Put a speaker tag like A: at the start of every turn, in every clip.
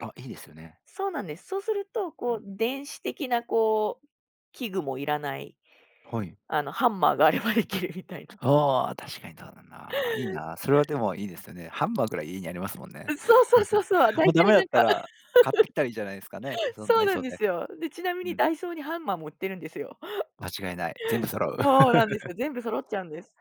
A: あ、いいですよね。
B: そうなんです。そうすると
A: う
B: こ
A: ん。
B: う電子的なこう器具もいらない。
A: はい。
B: あの、ハンマーがあればできるみたいな。
A: ああ、確かにとうだな、いいな。それ
B: や
A: は
B: い。
A: でもいいですよね。ハンマーぐらい家にありますもんね。
B: う、そうそうそう そう、だ
A: もう
B: い
A: 駄
B: た
A: 目
B: い
A: だ
B: な
A: っ
B: ん
A: た
B: か、
A: ら、買って きたらいいじゃないですかね、その
B: そ
A: ダ
B: う
A: イ
B: な
A: ソ
B: ん
A: ー
B: で
A: で。
B: すよ。で、ちなみ
A: う
B: に
A: ん。
B: ダイソーにハンマーも売ってるんですよ。
A: 間違いない。全部揃う。
B: そうなんですよ。全部 揃っちゃうんです。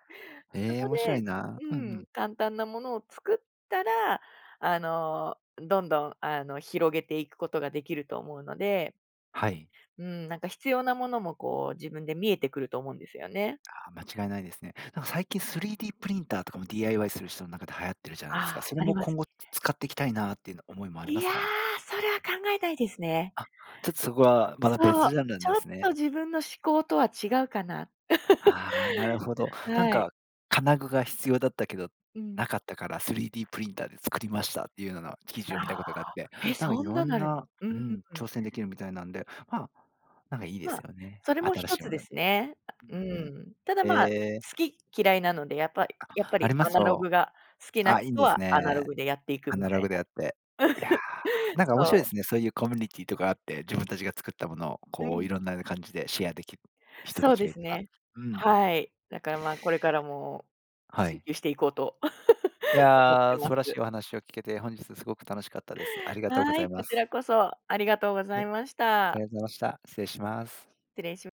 B: そ
A: へえ、
B: こ
A: 面白い
B: で
A: な。
B: う
A: うんう
B: ん、
A: ん。
B: 簡単なものを作ったら、あの、どんどんあの、広げていくことができると思うので
A: はい。
B: うん、なんか必要なものも、こう、自分で見えてくると思うんですよね。
A: ああ間違いないですね。なんか最近3Dプリンターとかも DIY する人の中で流行ってるじゃな
B: あ
A: いですか。
B: あ、
A: それ
B: あり
A: も
B: ます、
A: 今
B: い
A: 後つ
B: え。
A: 使っていきたいなっていうな思いもあり
B: い
A: ます
B: や、
A: か？
B: それは考えないですね。
A: あ、ちょっとそこはまた
B: そう、
A: 別ジャンルな
B: ち
A: んで
B: ょっ
A: すね。
B: と自分の嗜好とは違うかな。
A: ああなるほど。なん
B: はい。
A: か金具が必要だったけど、
B: うん。
A: なかったから3Dプリンターで作りましたっていうのな記事
B: あ
A: を見た
B: あ、
A: ことがあって、
B: え、
A: なんか
B: そ
A: い
B: ん
A: ろ
B: なの
A: ん
B: あるん。
A: な
B: うー
A: う
B: ん、
A: ん、
B: うん。
A: 挑戦できるみたいなんで、ま、なんかいいです
B: ま、
A: よね。
B: それも
A: 新
B: 一
A: しい
B: つ
A: も
B: で
A: の。う
B: すね。あ、
A: んう
B: う
A: ん。
B: ん。ただま、好
A: へえ。
B: き嫌いなので、やっぱいやっぱ
A: あ、あ
B: り
A: りま
B: ア
A: す
B: ナロ
A: よ。
B: グが好きな
A: あ、いん
B: 人
A: です
B: はアナロ
A: ね。
B: グでやっていく
A: ア
B: み
A: ナ
B: た
A: ロ
B: い
A: グ
B: な。
A: であって。いや、なんか面白い
B: そう。
A: ですね、そういうコミュニティーとかあって、自分たちが作ったものを、
B: う
A: こう
B: ん。
A: いろんな感じでシェアできる人た
B: そう
A: ち
B: で
A: がい
B: す
A: たら。
B: ね、
A: うん。
B: はい、だからまこれからも
A: は
B: 追
A: い。
B: 求していこうと、
A: い
B: 思って
A: や、素
B: ま
A: 晴らし
B: す。
A: いお話を聞けて本日すごく楽しかったです。ありがとうご
B: は
A: ざ
B: い、
A: い
B: こ
A: ま
B: ちら
A: す。
B: こそありがとうござい
A: へ、
B: まし
A: あ
B: た。
A: いぞました。失礼します。
B: 失礼しま